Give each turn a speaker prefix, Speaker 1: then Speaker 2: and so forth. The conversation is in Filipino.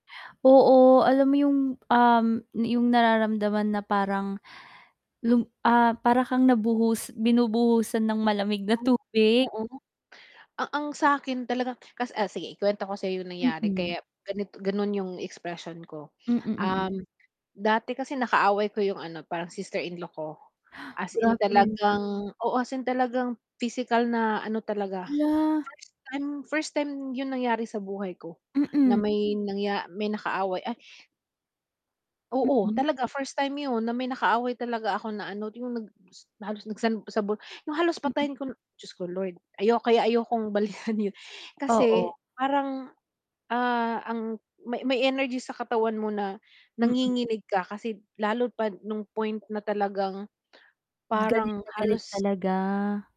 Speaker 1: Oo, alam mo yung, um, na yung nararamdaman na parang lum ah, para kang nabuhus binubuhusan ng malamig na
Speaker 2: Oo nga.
Speaker 1: tubig?
Speaker 2: Oo. A ang sakin talaga kas ah, sige, ikwento ko sayo yung nangyari
Speaker 1: Mm.
Speaker 2: kaya ganit ganun yung expression ko.
Speaker 1: Mm, mm.
Speaker 2: Um, dati kasi nakaaway ko yung ano, parang sister-in-law ko, as in
Speaker 1: Grabe.
Speaker 2: talagang oo, as in talagang pisikal na ano talaga.
Speaker 1: Hala.
Speaker 2: First time first time yung nangyari sa buhay ko, na
Speaker 1: Mm.
Speaker 2: may nangya may nakaaway, ay Oo,
Speaker 1: Mm.
Speaker 2: talaga first time yun na may nakaaway talaga ako na ano yung nag-s na halos nagsan sabu yung halos
Speaker 1: Mm.
Speaker 2: patayin ko n Diyos ko Lord! Ayo kaya
Speaker 1: Du. [unintelligible]
Speaker 2: ayokong balikan yun.
Speaker 1: Oo.
Speaker 2: Kasi parang, ah, ang may may energy sa katawan mo na,
Speaker 1: Mm.
Speaker 2: nanginginig ka, kasi lalo pa nung point na talagang,
Speaker 1: Galit
Speaker 2: parang
Speaker 1: na galit
Speaker 2: halos
Speaker 1: talaga.